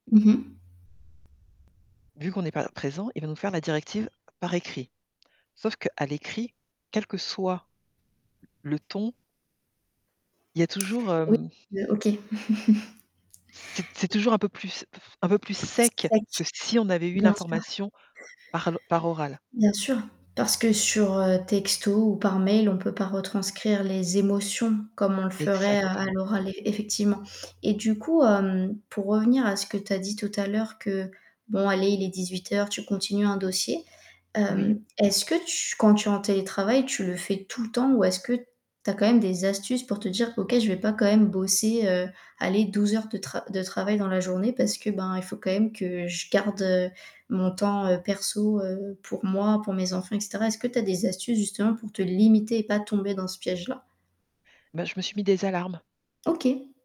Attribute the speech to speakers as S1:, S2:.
S1: Mmh. Mh.
S2: Vu qu'on n'est pas présents, il va nous faire la directive, par écrit. Sauf qu'à l'écrit, quel que soit le ton il y a toujours
S1: Oui,
S2: hem
S1: heu, OK.
S2: C'est c'est toujours un peu plus f un peu plus sec
S1: Sec.
S2: que si on avait eu
S1: Bien sûr.
S2: l'information par l par oral.
S1: Bien sûr! Parce que sur, heu, texto ou par mail, on peut pas retranscrire les émotions, comme on le ferait, heu, à
S2: Exactement.
S1: l'oral ef effectivement. Et du coup, hem, pour revenir à ce que tu as dit tout à l'heure que, bon allez il est 18 heures, tu continues un dossier.
S2: Oui.
S1: Hem est-ce que tu quand tu es en télétravail, tu le fais tout le temps ou est-ce que tu as quand même des astuces pour te dire: «OK, je vais pas quand même bosser, heu, allez 12 heures de tra de travail dans la journée»? Parce que, ben, il faut quand même que je garde, heu, mon temps, heu, perso, heu, pour moi, pour mes enfants, et cetera. Est-ce que tu as des astuces justement pour te limiter et pas tomber dans ce piège-là?
S2: Bah, je me suis mis des alarmes.
S1: OK!